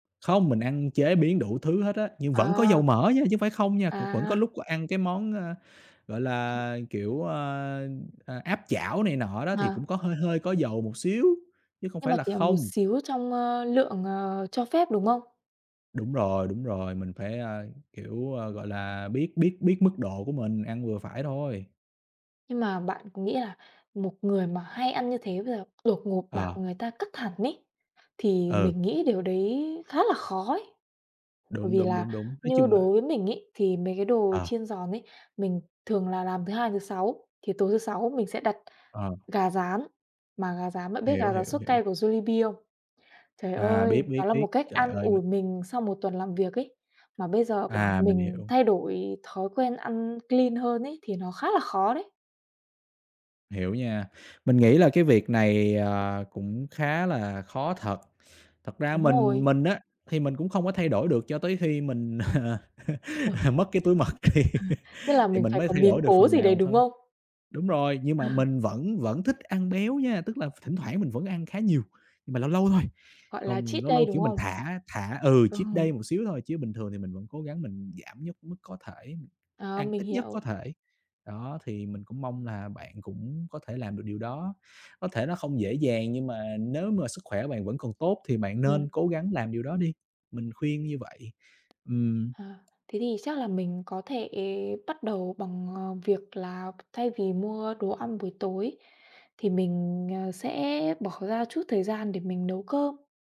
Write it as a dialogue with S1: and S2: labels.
S1: Không, mình ăn chế biến đủ thứ hết á, nhưng vẫn có
S2: Ờ.
S1: dầu mỡ nha, chứ không phải không nha. Cũng vẫn
S2: À.
S1: có lúc g ăn cái món, ơ, gọi là, kiểu, ơ, ờ, áp chảo này nọ đó, thì
S2: À.
S1: cũng có hơi hơi có dầu một xíu, chứ không
S2: Nhưng
S1: phải
S2: mà
S1: là
S2: chỉ là một
S1: không.
S2: xíu trong, ơ, lượng, ờ, cho phép, đúng không?
S1: Đúng rồi, đúng rồi, mình phải, a, kiểu, ờ, gọi là, biết biết biết mức độ của mình, ăn vừa phải thôi.
S2: Nhưng mà bạn có nghĩ là một người mà hay ăn như thế bây giờ đột ngột bảo
S1: Ờ.
S2: người ta cắt hẳn ấy, thì
S1: Ừ.
S2: mình nghĩ điều đấy khá là khó ấy. Bởi
S1: Đúng,
S2: vì
S1: đúng,
S2: là
S1: đúng, đúng. Nói
S2: như
S1: chung là
S2: đối với mình ấy, thì mấy cái đồ
S1: Ờ.
S2: chiên giòn ấy, mình thường là làm thứ Hai, thứ Sáu, thì tối thứ Sáu mình sẽ đặt
S1: Ờ.
S2: gà rán. Mà gà rán bạn biết
S1: Hiểu,
S2: gà rán
S1: hiểu,
S2: sốt cay
S1: hiểu.
S2: của Jollibee không? Trời
S1: À, biết,
S2: ơi, đó
S1: biết,
S2: là
S1: biết.
S2: một cách
S1: Trời
S2: an
S1: ơi,
S2: ủi
S1: mình
S2: mình sau một tuần làm việc ấy. Mà bây giờ bảo
S1: À, mình
S2: mình
S1: hiểu.
S2: thay đổi thói quen ăn clean hơn ấy, thì nó khá là khó đấy.
S1: Hiểu nha. Mình nghĩ là cái việc này, ờ, cũng khá là khó thật. Thật ra
S2: Đúng
S1: mình
S2: rồi.
S1: mình á, thì mình cũng không có thay đổi được cho tới khi mình
S2: Ừ.
S1: mất cái túi mật thì
S2: Tức là
S1: thì
S2: mình
S1: mình
S2: phải
S1: mới
S2: có
S1: thay
S2: biến
S1: đổi được
S2: cố
S1: phần
S2: gì đấy,
S1: nào
S2: đúng
S1: thôi.
S2: không?
S1: Đúng rồi, nhưng mà mình vẫn vẫn thích ăn béo nha, tức là v thỉnh thoảng mình vẫn ăn khá nhiều, nhưng mà lâu lâu thôi.
S2: Gọi là
S1: Còn
S2: cheat
S1: lâu
S2: day,
S1: lâu,
S2: đúng
S1: kiểu, mình
S2: không?
S1: thả thả ừ,
S2: Ừ.
S1: cheat day một xíu thôi chứ bình thường thì mình vẫn cố gắng mình giảm nhất mức có thể,
S2: Ờ,
S1: ăn
S2: mình
S1: ít nhất có
S2: hiểu.
S1: thể. Đó, thì mình cũng mong là bạn cũng có thể làm được điều đó. Có thể nó không dễ dàng, nhưng mà nếu mà sức khỏe bạn vẫn còn tốt thì bạn nên
S2: Ừm.
S1: cố gắng làm điều đó đi, mình khuyên như vậy.
S2: Ờ,
S1: Ừm.
S2: thế thì chắc là mình có thể bắt đầu bằng, ờ, việc là b thay vì mua đồ ăn buổi tối, thì mình, ờ, sẽ bỏ ra chút thời gian để mình nấu cơm.